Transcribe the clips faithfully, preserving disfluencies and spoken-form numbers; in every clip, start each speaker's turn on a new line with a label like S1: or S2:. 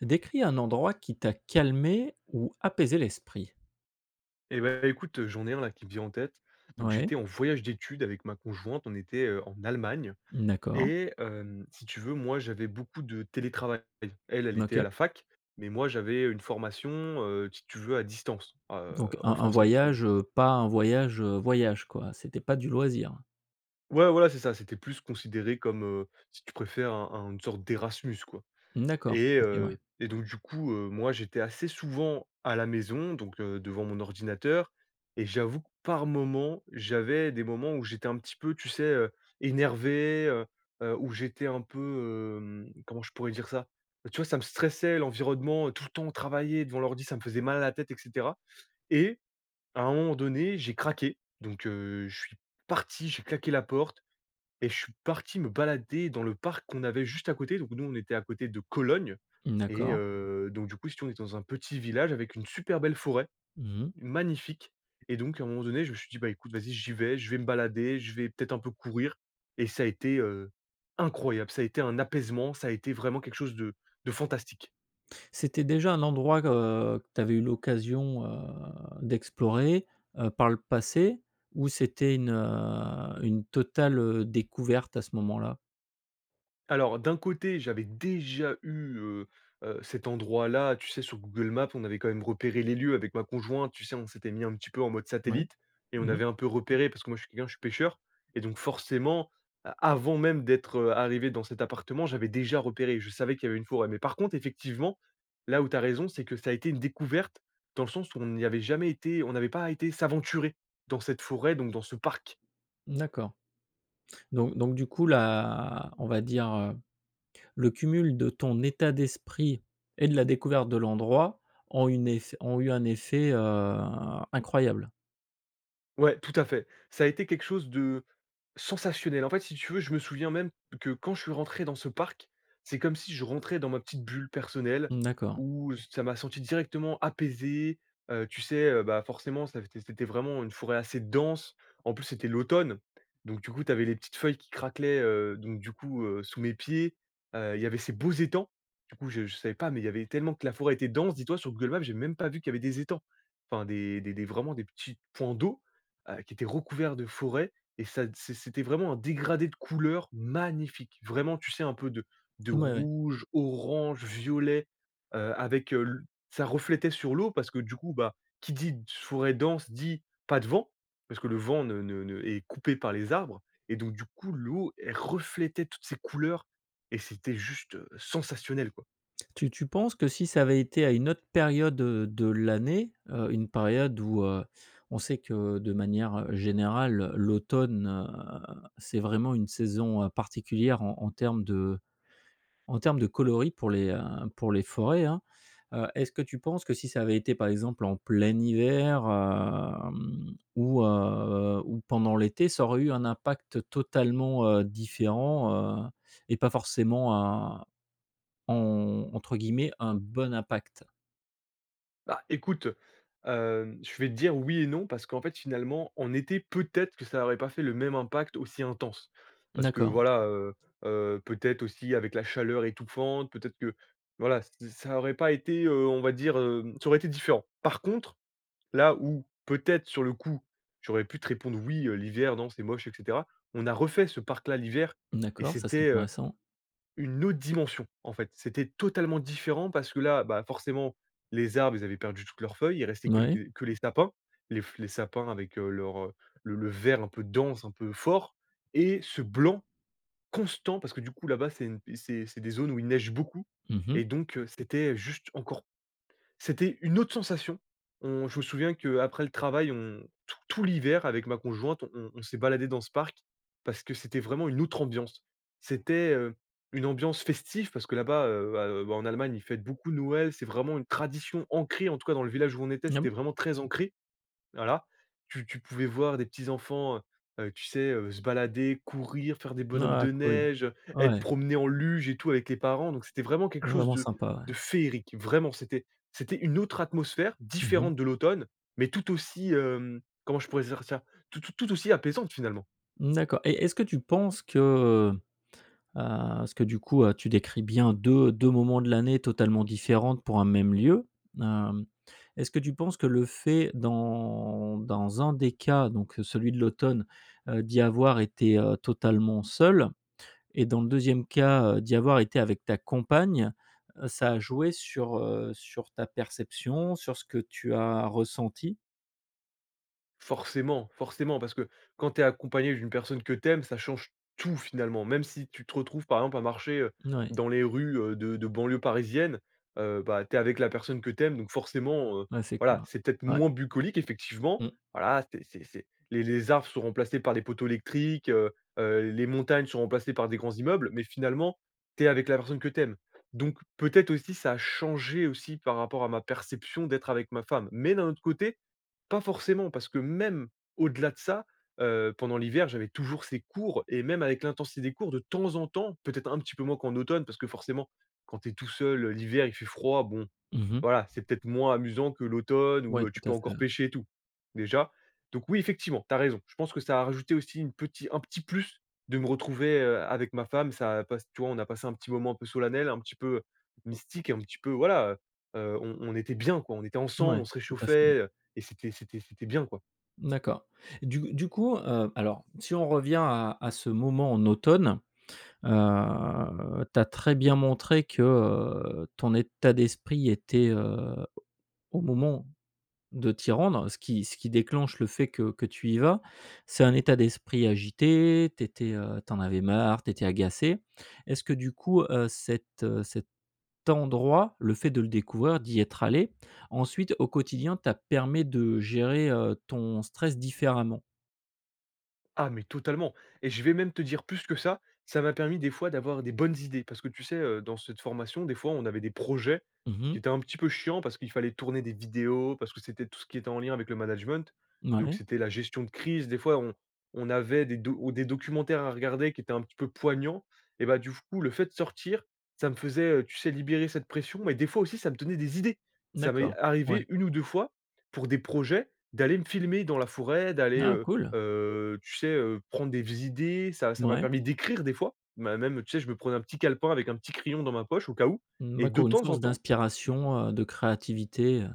S1: Décris un endroit qui t'a calmé ou apaisé l'esprit.
S2: Et bah, écoute, heu, j'en ai un là qui me vient en tête. Donc
S1: Ouais.
S2: j'étais en voyage d'études avec ma conjointe on était, heu, en Allemagne
S1: Mmh d'accord.
S2: et hem, si tu veux moi j'avais beaucoup de télétravail, elle elle était à
S1: OK.
S2: la fac, mais moi j'avais, heu, une formation heu si tu veux à distance a heu,
S1: Donc un
S2: en
S1: un
S2: français parce que
S1: voyage, heu, pas un voyage, heu, voyage quoi? C'était pas du loisir?
S2: Ouais voilà c'est ça c'était plus considéré comme, heu, si tu préfères un un une sorte d'Erasmus quoi.
S1: Mmh d'accord.
S2: Et
S1: OK Ouais.
S2: heu et donc du coup, heu, moi j'étais assez souvent à la maison donc, heu, devant mon ordinateur et j'avoue que par moment j'avais des moments où j'étais un petit peu tu sais, heu, énervé, heu, heu, où j'étais un peu, hem, comment je pourrais dire ça? Tu vois ça me stressait l'environnement, heu, tout le temps travailler devant l'ordi ça me faisait mal à la tête et cetera et à un moment donné j'ai craqué. Donc, heu, je suis parti, j'ai claqué la porte et je suis parti me balader dans le parc qu'on avait juste à côté. Donc nous on était à côté de Cologne
S1: Mmh
S2: et
S1: d'accord.
S2: heu, donc du coup, si tu veux on était dans un petit village avec une super belle forêt,
S1: Mmh.
S2: magnifique et donc à un moment donné je me suis dit: «Bah, écoute vas-y j'y vais je vais me balader je vais peut-être un peu courir» et ça a été, heu, incroyable. Ça a été un apaisement ça a été vraiment quelque chose de de fantastique.
S1: C'était déjà un endroit que, heu, que tu avais eu l'occasion, heu, d'explorer, heu, par le passé? Ou c'était une, heu, une totale, heu, découverte à ce moment-là?
S2: Alors d'un côté j'avais déjà eu, heu heu, cet endroit-là tu sais sur Google Maps, on avait quand même repéré les lieux avec ma conjointe. Tu sais on s'était mis un petit peu en mode
S1: Mouais,
S2: satellite et
S1: mmh
S2: on
S1: mh.
S2: avait un peu repéré parce que moi je suis quelqu'un je suis pêcheur. Et donc forcément a avant même d'être, heu, arrivé dans cet appartement j'avais déjà repéré. Je savais qu'il y avait une forêt. Mais par contre effectivement là où tu as raison c'est que ça a été une découverte dans le sens où on n'y avait jamais été on n'avait pas été s'aventurer dans cette forêt donc dans ce parc.
S1: Mmh, d'accord. Donc donc du coup la on va dire, heu, le cumul de ton état d'esprit et de la découverte de l'endroit ont une ef ont eu un effet, heu, incroyable?
S2: Ouais, tout à fait ça a été quelque chose de sensationnel. En fait, si tu veux je me souviens même que quand je suis rentré dans ce parc. C'est comme si je rentrais dans ma petite bulle personnelle
S1: Mmh, d'accord.
S2: où ç ça m'a senti directement apaisé, heu, tu sais, heu, bah, forcément ça v c c c'était vraiment une forêt assez dense. En plus c'était l'automne. Donc, du coup tu avais les petites feuilles qui craquelaient, heu, donc du coup, heu, sous mes pieds, heu, il y avait ces beaux étangs. Du coup je je savais pas mais il y avait tellement que la forêt était dense dis-toi sur Google Maps j'avais même pas vu qu'il y avait des étangs. Enfin des des des vraiment des petits points d'eau, heu, qui étaient recouverts de forêts et ça t c'é c'était vraiment un dégradé de couleurs magnifiques vraiment tu sais un peu de de
S1: Ouais, ouais.
S2: rouge, orange, violet, heu, avec, heu, l ça reflétait sur l'eau parce que du coup, bah, qui dit: «d forêt dense» dit: «pas de vent» parce que le vent ne ne ne est coupé par les arbres. Et donc du coup l'eau elle reflétait toutes ces couleurs et c'était juste, heu, sensationnel quoi.
S1: Tu tu penses que si ça avait été à une autre période, heu, de l'année, heu, une période où, heu, on sait que de manière, heu, générale, heu, l'automne, heu, c'est vraiment une saison, heu, particulière en en termes de en termes de coloris pour les, heu, pour les forêts, hein. Heu, est-ce que tu penses que si ça avait été par exemple en plein hiver, hem, ou, heu, ou pendant l'été ça aurait eu un impact totalement, heu, différent, heu, et pas forcément, un en entre guillemets un bon impact?
S2: Bah, écoute, heu. Hem, je vais te dire oui et non, parce qu'en fait, finalement, en été, peut-être que ça aurait pas fait le même impact aussi intense. Parce que,
S1: D'accord.
S2: voilà heu, heu, peut-être aussi avec la chaleur étouffante, peut-être que, voilà, ç ça aurait pas été, heu, on va dire, hem, ça aurait été différent. Par contre, là où peut-être, sur le coup, j'aurais pu te répondre: «Oui, heu, l'hiver, non, c'est moche» et cetera. On a refait ce parc là l'hiver et
S1: D'accord, ça, c'est
S2: c'était, heu,
S1: intéressant.
S2: une autre dimension. En fait, c'était totalement différent, parce que là, bah, forcément, les arbres, ils avaient perdu toutes leurs feuilles, il restait
S1: Mouais.
S2: quelque que les sapins. Les fl les sapins avec, heu, leur, heu, le le vert un peu dense, un peu fort. Et ce blanc constant, parce que, du coup, là-bas, c'est une, heu c'est c'est des zones où il neige beaucoup.
S1: Mmh mh.
S2: Et donc, heu, c'était heu juste encore, c'était une autre sensation. On je me souviens qu'après le travail, on, t tout l'hiver, avec ma conjointe, on on s'est baladés dans ce parc, parce que c'était vraiment une autre ambiance. C'était, heu, une ambiance festive, parce que là-bas, heu, à, heu, bah, en Allemagne, ils fêtent beaucoup Noël. C'est vraiment une tradition ancrée, en tout cas dans le village où on était,
S1: Ah
S2: c'était
S1: bon?
S2: vraiment très ancré. Voilà, tu tu pouvais voir des petits enfants, heu, heu, tu sais, heu, se balader, courir, faire des bonhommes
S1: Ah
S2: de
S1: cool.
S2: neige, heu, être
S1: Ouais.
S2: promenés en luge et tout avec les parents. Donc, c'était vraiment quelque chose
S1: Vraiment
S2: de
S1: sympa, ouais.
S2: de féerique. Vraiment, c'était c'était une autre atmosphère,
S1: Mmh mh.
S2: différente de l'automne, mais tout aussi, hem, comment je pourrais dire ça? T t tout aussi apaisante, finalement.
S1: Mmh, d'accord. Et est-ce que tu penses que, heu, heu, parce que, du coup, heu, tu décris bien de deux moments de l'année totalement différents pour un même lieu. Hem, est-ce que tu penses que le fait, dans dans un des cas, donc, heu, celui de l'automne, heu, d'y avoir été, heu, totalement seul, et dans le deuxième cas, heu, d'y avoir été avec ta compagne, heu, ça a joué sur, heu, sur ta perception, sur ce que tu as ressenti?
S2: Forcément, forcément, parce que, quand tu es accompagné d'une personne que tu aimes, ça change tout, finalement. Même si tu te retrouves, par exemple, à marcher, heu,
S1: Mouais.
S2: dans les rues, heu, de de banlieue parisienne. Heu, bah, tu es avec la personne que tu aimes. Donc, forcément, heu,
S1: Ouais, c'est
S2: voilà,
S1: clair,
S2: c'est peut-être
S1: ouais.
S2: moins bucolique, effectivement.
S1: Mmh.
S2: Voilà, c'est c'est c'est les les arbres sont remplacés par les poteaux électriques, heu, heu, les montagnes sont remplacées par des grands immeubles, mais finalement, tu es avec la personne que tu aimes. Donc, peut-être aussi, ça a changé aussi par rapport à ma perception d'être avec ma femme. Mais, d'un autre côté, pas forcément, parce que même au-delà de ça, heu, pendant l'hiver, j'avais toujours ces cours. Et même avec l'intensité des cours, de temps en temps, peut-être un petit peu moins qu'en automne, parce que, forcément, quand tu es tout seul, heu, l'hiver, il fait froid. Bon,
S1: Mmh mh.
S2: voilà. C'est peut-être moins amusant que l'automne, où,
S1: Ouais,
S2: heu,
S1: tout
S2: tu peux
S1: à fait,
S2: encore
S1: heu.
S2: pêcher et tout, déjà. Donc oui, effectivement, tu as raison. Je pense que ça a rajouté aussi une petit, un petit plus de me retrouver, heu, avec ma femme, ça passe tu vois, on a passé un petit moment un peu solennel, un petit peu, heu, mystique et un petit peu, voilà, heu, heu, on on était bien quoi. On était ensemble,
S1: Mouais.
S2: on se
S1: Tout à fait
S2: réchauffait, heu et c'était c'était c'était bien, quoi.
S1: Mmh, d'accord. Du du coup, heu, alors si on revient à, à ce moment en automne. Heu, tu as très bien montré que, heu, ton état d'esprit était, heu, au moment de t'y rendre. Ce qui ce qui déclenche le fait que que tu y vas, c'est un état d'esprit agité. Tu étais, heu, tu en avais marre, tu étais agacé. Est-ce que, du coup, heu, cet, heu, cet endroit, le fait de le découvrir, d'y être allé, ensuite, au quotidien, t'a permet de gérer, heu, ton stress différemment?
S2: Ah mais totalement et je vais même te dire plus que ça, ça m'a permis, des fois, d'avoir des bonnes idées. Parce que tu sais, heu, dans cette formation, des fois, on avait des projets
S1: Mmh
S2: qui
S1: mh.
S2: étaient un petit peu chiants, parce qu'il fallait tourner des vidéos parce que c'était tout ce qui était en lien avec le management. Donc,
S1: Mouais.
S2: c'était la gestion de crise. Des fois, on on avait des do ou des documentaires à regarder qui étaient un petit peu poignants. Et bah, du f coup, le fait de sortir, ça me faisait, heu, tu sais, libérer cette pression. Mais des fois aussi, ça me donnait des idées. Ça m'est
S1: D'accord. Ouais.
S2: arrivé une ou deux fois, pour des projets, d'aller me filmer dans la forêt, d'aller,
S1: Ah
S2: heu,
S1: cool!
S2: heu, tu sais, heu, prendre des v idées. Ça, ça m'a
S1: Mouais.
S2: permis d'écrire des fois. Ma même, tu sais, je me prenais un petit calepin avec un petit crayon dans ma poche, au cas où
S1: Mmh,
S2: et
S1: bah,
S2: de
S1: co une
S2: temps en
S1: source
S2: temps
S1: d'inspiration, heu, de créativité, heu.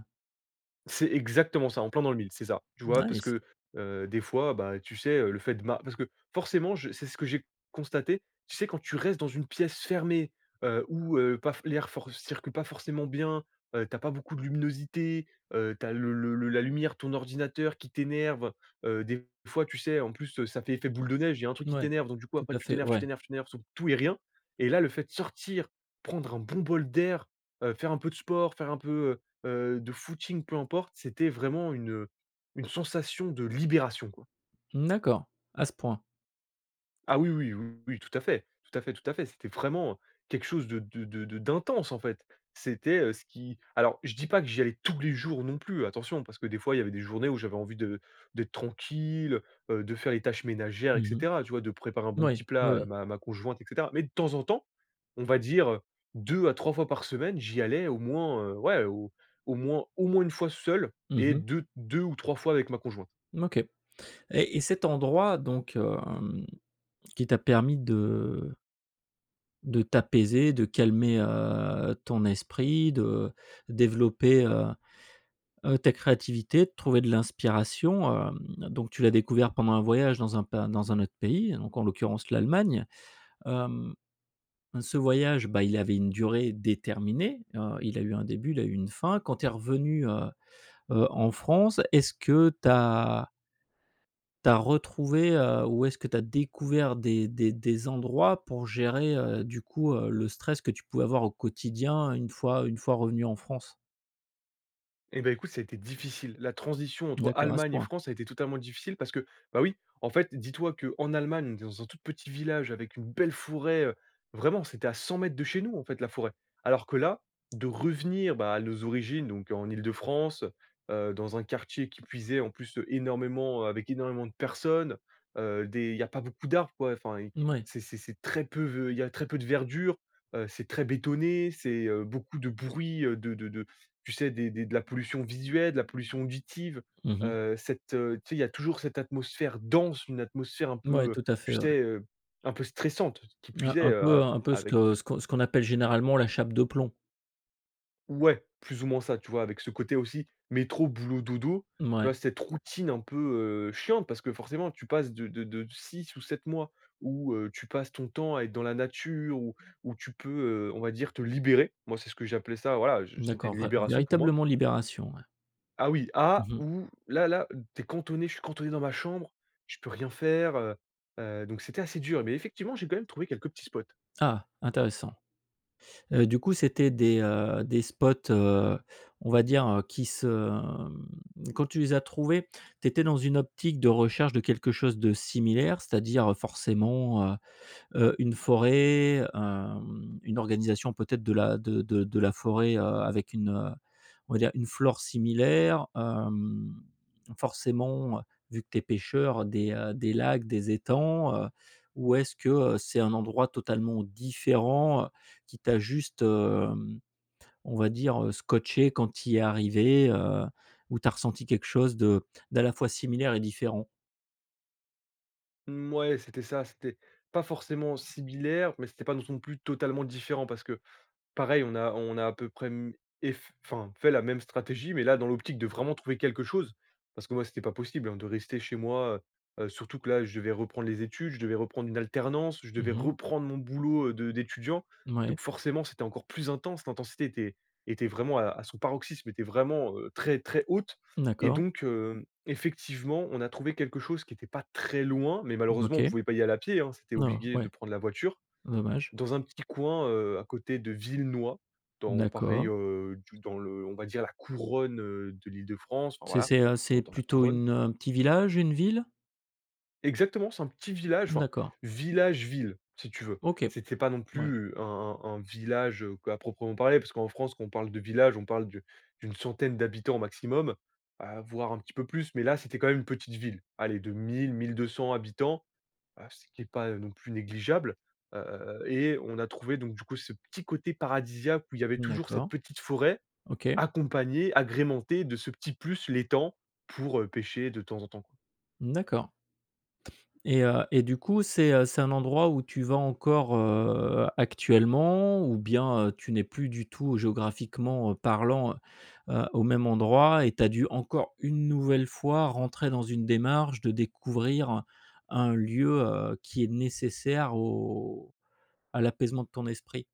S2: C'est exactement ça, en plein dans le mille, c'est ça. Tu vois, parce
S1: Nice.
S2: que, heu, des fois, bah, tu sais, heu, le fait de ma parce que forcément, je c'est ce que j'ai constaté, tu sais quand tu restes dans une pièce fermée, heu, ou, heu, paf l'air for circule pas forcément bien, heu, tu as pas beaucoup de luminosité, heu, tu as le le le la lumière de ton ordinateur qui t'énerve, heu. Des fois, tu sais en plus, heu, ça fait effet boule de neige, il y a un truc qui
S1: Ouais.
S2: t'énerve, donc du coup
S1: Tout
S2: après,
S1: à
S2: tu
S1: fait,
S2: t'énerves tu
S1: ouais.
S2: t'énerves tu t'énerves sur tout et rien. Et là, le fait de sortir, prendre un bon bol d'air, heu, faire un peu de sport, faire un peu heu heu de footing, peu importe, c'était vraiment une, heu, une sensation de libération, quoi.
S1: Mmh, d'accord. À ce point.
S2: Ah oui oui oui oui, tout à fait, tout à fait, tout à fait. C'était vraiment quelque chose de de de de d'intense, en fait. C'était, heu, ce qui, alors, je dis pas que j'y allais tous les jours non plus. Attention, parce que des fois, il y avait des journées où j'avais envie de d'être tranquille, heu heu, de faire les tâches ménagères, et
S1: Mmh mh.
S2: cetera, tu vois de préparer un bon
S1: Moui,
S2: petit
S1: oui,
S2: plat à
S1: oui.
S2: ma ma conjointe et cetera. Mais de temps en temps, on va dire, heu, deux à trois fois par semaine, j'y allais au moins, heu, ouais, au au moins au moins une fois seul
S1: Mmh
S2: et
S1: mh.
S2: de deux ou trois fois avec ma conjointe.
S1: Mmh, OK. Et et cet endroit, donc, hem, qui t'a permis de de t'apaiser, de calmer, heu, ton esprit, de développer heu, heu, ta créativité de trouver de l'inspiration, hem, donc tu l'as découvert pendant un voyage dans un pas dans un autre pays, hein, donc en l'occurrence l'Allemagne. Hem, heu ce voyage, bah, il avait une durée déterminée. Heu, il a eu un début il a eu une fin quand tu es revenu heu, heu, en France est-ce que tu as tu as retrouvé, heu, ou est-ce que tu as découvert des des des endroits pour gérer, heu, du coup, heu, le stress que tu pouvais avoir au quotidien une fois une fois revenu en France?
S2: Et bah, écoute, ça a été difficile. La transition entre
S1: D'accord, à ce
S2: Allemagne et
S1: point?
S2: France a été totalement difficile. Parce que, bah, oui, en fait, dis-toi qu'en Allemagne, on est dans un tout petit village avec une belle forêt. Heu, vraiment, c'était à cent mètres de chez nous, en fait, la forêt. Alors que là, de revenir, bah, à nos origines, donc, heu, en Île-de-France, heu, heu, dans un quartier qui plus est en plus, heu, énormément avec énormément de personnes, heu, des il y a pas beaucoup d'arbres quoi. Enfin et,
S1: Mouais.
S2: c'est c'est c'est très peu ve, il y a très peu de verdure. Heu c'est très bétonné, c'est heu, beaucoup de bruit, heu, de de de, tu sais des des de la pollution visuelle de la pollution auditive.
S1: Mmh mh.
S2: Heu, cette, heu, tu sais, il y a toujours cette atmosphère dense, une atmosphère un
S1: Mouais,
S2: peu, heu,
S1: tout à
S2: tu
S1: fait, ouais.
S2: sais heu, un peu stressante qui
S1: Heu,
S2: plus est,
S1: un
S2: heu,
S1: peu,
S2: a
S1: hein, un peu ce
S2: avec, heu
S1: que ce qu ce qu'on appelle généralement la chape de plomb?
S2: Ouais, plus ou moins ça, tu vois, avec ce côté aussi métro, boulot, dodo. Tu vois,
S1: Mouais.
S2: cette routine un peu, heu, chiante. Parce que forcément tu passes de de de six ou sept mois où, heu, tu passes ton temps à être dans la nature, où où tu peux, heu, on va dire te libérer. Moi, c'est ce que j'ai appelé ça voilà, heu, je c'était
S1: D'accord
S2: une
S1: vrai,
S2: libération pour moi.
S1: véritablement libération ouais.
S2: Ah oui, à
S1: Mmh mh.
S2: où là là, tu es cantonné je suis cantonné dans ma chambre, je peux rien faire, heu. Heu, donc c'était assez dur. Mais effectivement, j'ai quand même trouvé quelques petits spots.
S1: Ah, intéressant. Heu, du coup c'était des, heu, des spots, heu, on va dire, heu, qui se mmh, quand tu les as trouvés, tu étais dans une optique de recherche de quelque chose de similaire? C'est-à-dire, heu, forcément, heu, heu ,une forêt, hem, une organisation peut-être de la de de de la forêt, heu, avec une, heu, on va dire une flore similaire. Hem, forcément, heu, vu que tu es pêcheur des, heu, des lacs, des étangs, heu, ou est-ce que, heu, c'est un endroit totalement différent, heu, qui t'a juste, hem, on va dire, heu, scotché quand tu y es arrivé, heu, où tu as ressenti quelque chose de de à la fois similaire et différent?
S2: Mouais, c'était ça, c'était pas forcément similaire, mais c'était pas non son plus totalement différent parce que, pareil, on a on a à peu près m ef enfin, fait la même stratégie. Mais là, dans l'optique de vraiment trouver quelque chose. Parce que moi, c'était pas possible, hein, de rester chez moi heu. Heu, surtout que là, je devais reprendre les études, je devais reprendre une alternance, je devais
S1: Mmh mh.
S2: reprendre mon boulot, heu, de d'étudiant.
S1: Mouais.
S2: Donc forcément, c'était encore plus intense. L'intensité était était vraiment à à son paroxysme, était vraiment, heu, très, très haute. Et
S1: D'accord.
S2: donc, hem, effectivement, on a trouvé quelque chose qui était pas très loin. Mais malheureusement,
S1: OK.
S2: on pouvait pas y aller à pied, hein. C'était
S1: Oh,
S2: obligué de
S1: ouais.
S2: prendre la voiture.
S1: Dommage.
S2: Dans un petit coin, heu, à côté de Villenoy,
S1: Mmh
S2: dans pareil,
S1: d'accord.
S2: heu, du dans le, on va dire la couronne, heu, de l'Île-de-France, enfin,
S1: C'est
S2: voilà,
S1: c'est à
S2: dans
S1: c'est
S2: dans la
S1: plutôt
S2: couronne.
S1: une heu, un petit village, une ville?
S2: Exactement c'est un petit village enfin,
S1: D'accord.
S2: village ville, si tu veux.
S1: OK.
S2: C'est c'est pas non
S1: Mouais.
S2: plus un un un village, heu, p à proprement parler, parce qu'en France, quand on parle de village, on parle d'u d'une centaine d'habitants au maximum, heu, voir un petit peu plus. Mais là, c'était quand même une petite ville, aller de mille-mille deux cent habitants. Heu, ce qui est pas, heu, non plus négligeable. Heu, et on a trouvé donc du coup ce petit côté paradisiaque où il y avait
S1: Mmh,
S2: toujours cette
S1: d'accord.
S2: petite forêt,
S1: OK.
S2: accompagnée, agrémentée de ce petit plus, l'étang pour, heu, pêcher de temps en temps.
S1: Mmh, d'accord. Et, heu, et du coup, c'est, heu, c'est un endroit où tu vas encore, heu, actuellement? Ou bien, heu, tu n'es plus du tout géographiquement, heu, parlant heu, heu, au même endroit et tu as dû encore une nouvelle fois rentrer dans une démarche de découvrir un un lieu, heu, qui est nécessaire au à l'apaisement de ton esprit?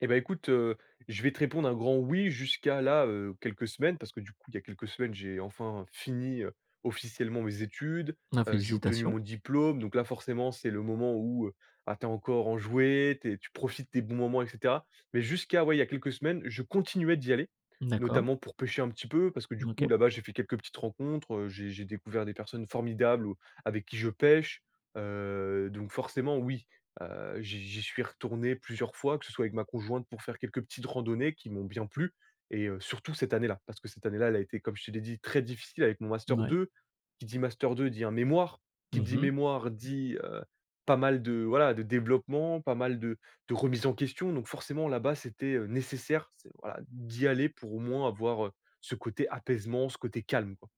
S2: Et bah, écoute, heu, je vais te répondre un grand oui jusqu'à là, heu, quelques semaines. Parce que du coup, il y a quelques semaines, j'ai enfin, fini, heu, officiellement mes études.
S1: Ah,
S2: Heu, j'ai obtenu
S1: félicitations.
S2: mon diplôme. Donc là, forcément, c'est le moment où, heu, bah, tu es encore enjoué, tu es tu profites des bons moments et cetera. Mais jusqu'à, ouais, il y a quelques semaines, je continuais d'y aller.
S1: D'accord.
S2: Notamment pour pêcher, un petit peu parce que du coup,
S1: OK.
S2: là-bas, j'ai fait quelques petites rencontres. Heu, j'ai j'ai découvert des personnes formidables ou, avec qui je pêche. Heu, donc forcément oui, heu, j'y j'y suis retourné plusieurs fois, que ce soit avec ma conjointe pour faire quelques petites randonnées, qui m'ont bien plu et heu, surtout cette année-là, parce que cette année-là, elle a été comme je te l'ai dit très difficile avec mon Master
S1: Mouais.
S2: 2. Qui dit Master 2 dit un mémoire. Qui
S1: Mmh
S2: dit
S1: mh.
S2: mémoire dit, heu, pas mal de voilà, de développement, pas mal de de remise en question. Donc, forcément, là-bas, c'était, heu, nécessaire, c'est, voilà, d'y aller pour au moins avoir, heu, ce côté apaisement, ce côté calme quoi.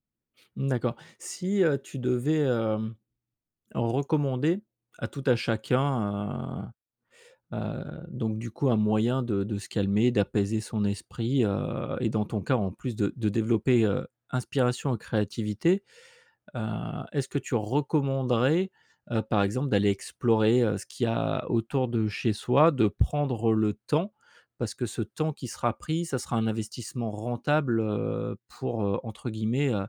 S1: Mmh, d'accord. Si, heu, tu devais, hem, recommander à tout à chacun, heu, heu, donc, du coup, un moyen de de se calmer, d'apaiser son esprit, heu et dans ton cas, en plus, de de développer, heu, inspiration et créativité. Heu, est-ce que tu recommanderais, heu, par exemple d'aller explorer, heu, ce qu'il y a autour de chez soi, de prendre le temps parce que ce temps qui sera pris, ça sera un investissement rentable, heu, pour, heu, entre guillemets, heu,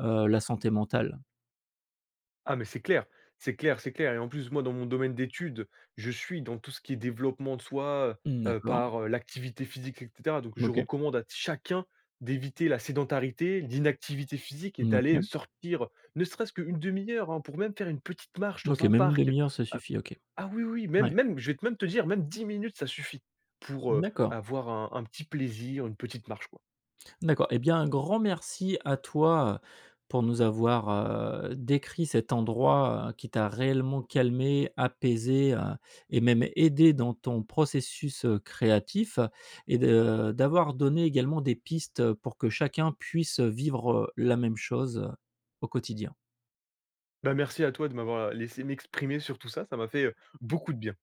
S1: heu, «la santé mentale»?
S2: Ah, mais c'est clair. C'est clair, c'est clair. Et en plus, moi, dans mon domaine d'étude, je suis dans tout ce qui est développement de soi,
S1: Mmh,
S2: heu, heu,
S1: d'accord.
S2: par, heu, l'activité physique, et cetera. Donc je
S1: OK.
S2: recommande à t chacun d'éviter la sédentarité, l'inactivité physique et
S1: Mmh
S2: d'aller, heu,
S1: OK.
S2: sortir, heu, ne serait-ce qu'une demi-heure, hein. Pour même faire une petite marche
S1: OK,
S2: dans un
S1: même une
S2: parc. Heu.
S1: demi-heure, ça suffit, OK.
S2: Ah oui, oui, même
S1: Ouais.
S2: même je vais te même te dire même dix minutes ça suffit. Pour, heu,
S1: D'accord.
S2: avoir un un petit plaisir, une petite marche quoi.
S1: D'accord. Et bien, un grand merci à toi, heu, pour nous avoir, heu, décrit cet endroit, heu, qui t'a réellement calmé, apaisé, heu, et même aidé dans ton processus, heu, créatif, heu. Et de d'avoir donné également des pistes, heu, pour que chacun puisse, heu, vivre, heu, la même chose, heu, au quotidien.
S2: Bah, merci à toi de m'avoir, heu, laissé m'exprimer sur tout ça, ça m'a fait, heu, beaucoup de bien.